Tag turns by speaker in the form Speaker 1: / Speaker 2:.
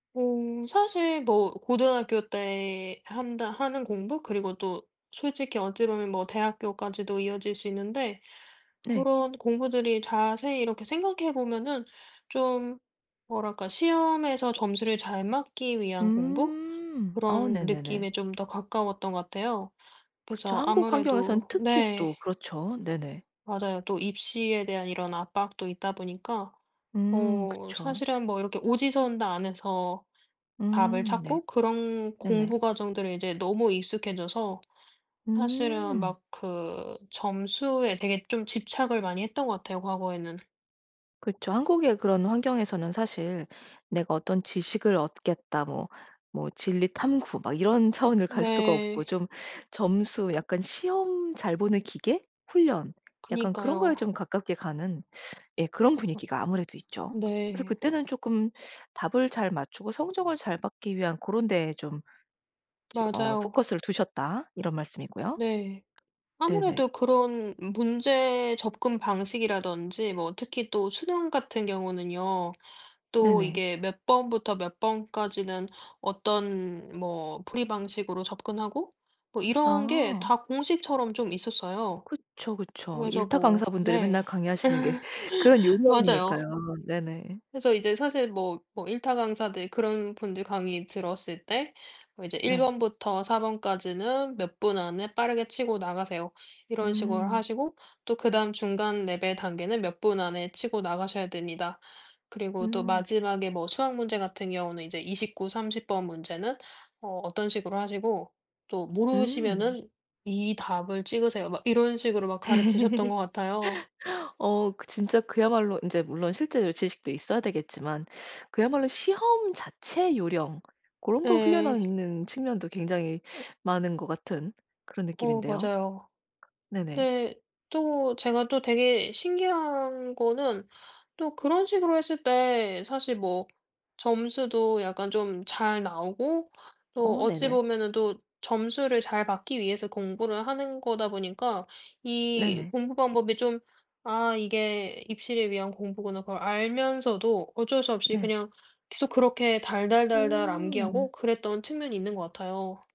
Speaker 1: 어 사실 뭐 고등학교 때 한다 하는 공부 그리고 또 솔직히 어찌 보면 뭐 대학교까지도 이어질 수 있는데
Speaker 2: 네.
Speaker 1: 고런 공부들이 자세히 이렇게 생각해 보면은 좀 뭐랄까 시험에서 점수를 잘 맞기 위한 공부
Speaker 2: 음. 어
Speaker 1: 그런
Speaker 2: 네네네.
Speaker 1: 느낌에 좀 더 가까웠던 것 같아요.
Speaker 2: 그쵸.
Speaker 1: 그래서
Speaker 2: 한국 환경에서는
Speaker 1: 아무래도...
Speaker 2: 특히
Speaker 1: 네.
Speaker 2: 또 그렇죠. 네네.
Speaker 1: 맞아요. 또 입시에 대한 이런 압박도 있다 보니까
Speaker 2: 음
Speaker 1: 어
Speaker 2: 그쵸.
Speaker 1: 사실은 뭐 이렇게 오지선다 안에서 답을
Speaker 2: 음 네.
Speaker 1: 찾고 그런
Speaker 2: 네네.
Speaker 1: 공부 과정들을 이제 너무 익숙해져서 사실은
Speaker 2: 음.
Speaker 1: 막 그 점수에 되게 좀 집착을 많이 했던 것 같아요. 과거에는.
Speaker 2: 그쵸. 한국의 그런 환경에서는 사실 '내가 어떤 지식을 얻겠다.' 뭐 뭐 진리 탐구 막 이런 차원을 갈 수가 없고
Speaker 1: 네.
Speaker 2: 좀 점수 약간 시험 잘 보는 기계, 훈련 약간 그런 거에
Speaker 1: 그니까요.
Speaker 2: 좀 가깝게 가는. 예 그런 분위기가 아무래도 있죠. 그래서
Speaker 1: 네.
Speaker 2: 그때는 조금 답을 잘 맞추고 성적을 잘 받기 위한 그런 고런 데에 좀 저 어
Speaker 1: 맞아요.
Speaker 2: 포커스를 두셨다. 이런 말씀이고요.
Speaker 1: 네.
Speaker 2: 네네.
Speaker 1: 아무래도 그런 문제 접근 방식이라든지 뭐 특히 또 수능 같은 경우는요. 또
Speaker 2: 네네.
Speaker 1: 이게 몇 번부터 몇 번까지는 어떤 뭐 풀이 방식으로 접근하고 뭐 이런 게
Speaker 2: 아.
Speaker 1: 다 공식처럼 좀 있었어요.
Speaker 2: 그쵸 그쵸.
Speaker 1: 그래서
Speaker 2: 일타
Speaker 1: 뭐
Speaker 2: 강사분들이
Speaker 1: 네.
Speaker 2: 맨날 강의하시는 게 그런
Speaker 1: 맞아요.
Speaker 2: 요령이니까요. 네네.
Speaker 1: 그래서 이제 사실 뭐 뭐 일타 강사들 그런 분들 강의 들었을 때 뭐 이제 1
Speaker 2: 네.
Speaker 1: 번부터 4 번까지는 몇 분 안에 빠르게 치고 나가세요. 이런 식으로
Speaker 2: 음.
Speaker 1: 하시고 또 그다음 중간 레벨 단계는 몇 분 안에 치고 나가셔야 됩니다. 그리고 또
Speaker 2: 음.
Speaker 1: 마지막에 뭐 수학 문제 같은 경우는 이제 29, 30 번 문제는 어 어떤 식으로 하시고 또
Speaker 2: 음.
Speaker 1: 모르시면은 이 답을 찍으세요. 막 이런 식으로 막 가르치셨던 것 같아요.
Speaker 2: 어 그 진짜 그야말로 인제 물론 실제 이 지식도 있어야 되겠지만 그야말로 시험 자체 요령 고런 걸
Speaker 1: 에.
Speaker 2: 훈련하는 측면도 굉장히 많은 거 같은 그런
Speaker 1: 어
Speaker 2: 느낌인데요.
Speaker 1: 맞아요.
Speaker 2: 네네.
Speaker 1: 근데 또 제가 또 되게 신기한 거는 또 그런 식으로 했을 때 사실 뭐 점수도 약간 좀 잘 나오고 또
Speaker 2: 어
Speaker 1: 어찌
Speaker 2: 네네.
Speaker 1: 보면은 또 점수를 잘 받기 위해서 공부를 하는 거다 보니까 이
Speaker 2: 네네.
Speaker 1: 공부 방법이 좀 '아 이게 입시를 위한 공부구나.' 그걸 알면서도 어쩔 수 없이
Speaker 2: 네.
Speaker 1: 그냥 계속 그렇게 달달달달
Speaker 2: 음.
Speaker 1: 암기하고 그랬던 측면이 있는 거 같아요.